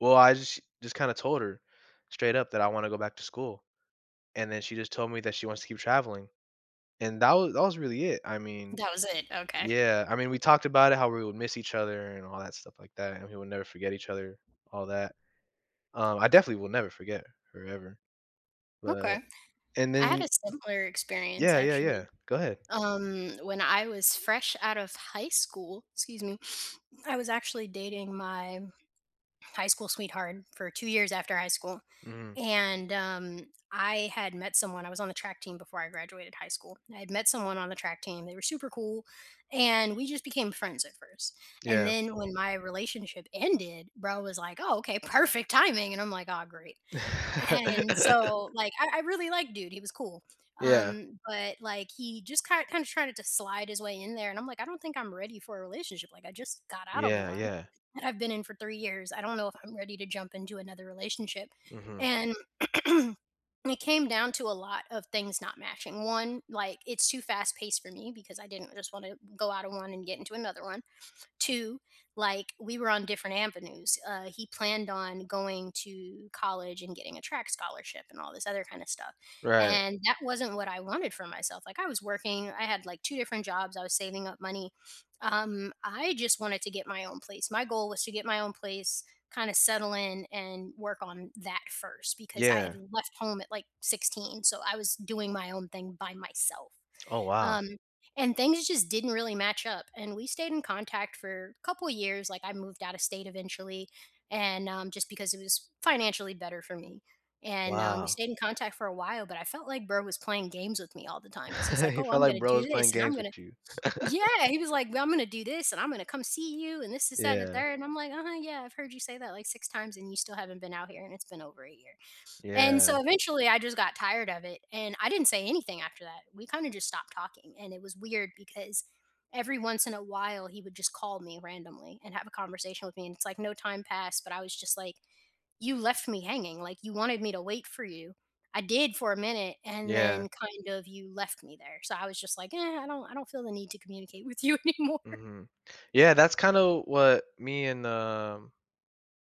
Well, I just just kinda told her straight up that I wanna go back to school, and then she just told me that she wants to keep traveling, and that wa that was really it, I mean That was it, okay. yeah, I mean, we talked about it, how we would miss each other and all that stuff like that, and we will never forget each other all that, uh, I definitely will never forget her, ever, but Okay, and I had then a similar experience Yeah, yeah, actually, yeah. Go ahead. um, when I was fresh out of high school, excuse me, I was actually dating my high school sweetheart for 2 years after high school, Mhm. and, um, I had met someone I was on the track team before I graduated high school. I had met someone on the track team, they were super cool, and we just became friends at 1st and Yeah. then when my relationship ended, bro was like, "Oh, okay, perfect timing," and I'm like, "Oh, great," and so like I I really like dude, he was cool, Yeah. um, but like, he just kind kinda tried to slide his way in there, and I'm like, "I don't think I'm ready for a relationship, like, I just got out of Yeah, one yeah. that I've been in for 3 years. I don't know if I'm ready to jump into another relationship," Mhm. and it came down to a lot of things not matching. 1, like, it's too fast paced for me because I didn't just want to go out of one and get into another one. 2, like, we were on different avenues, uh, he planned on going to college and getting a track scholarship and all this other kinda stuff Right. and that wasn't what I wanted for myself, like, I was working, I had like 2 different jobs, I was saving up money, um, I just wanted to get my own place. My goal was to get my own place, kinda settle in and work on that 1st, because I had Yeah. left home at like 16 so I was doing my own thing by myself, Oh, wow. um, and things just didn't really match up, and we stayed in contact for couple years, like I moved out of state eventually, and, um, just because it was financially better for me, and, um, we Wow. stayed in contact for a while, but I felt like Bro was playing games with me all the time 'cause he's like, He "Oh, felt I'm like gonna bro was do playing this and I'm games with gonna" you. Yeah, he was like, "Well, I'm gonna do this and I'm gonna come see you and this and that and the Yeah. 3." And I'm like, "Uh-huh, yeah, I've heard you say that like 6 times and you still haven't been out here and it's been over a year." And Yeah. so eventually, I just got tired of it and I didn't say anything after that. We kinda just stopped talking, and it was weird because every once in a while, he would just call me randomly and have a conversation with me, and it's like, no time passed, but I was just like, "You left me hanging, like, you wanted me to wait for you, I did for a minute and Yeah. then kind of you left me there." So I was just like, "Eh, I don't I don't feel the need to communicate with you anymore." Mhm, yeah. That's kinda what me and, um,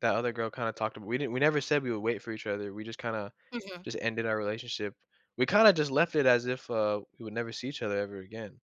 that other girl kinda talked ab we didn't we never said we would wait for each other, we just kinda Mhm. just ended our relationship. We kinda just left it as if uh, we would never see each other ever again.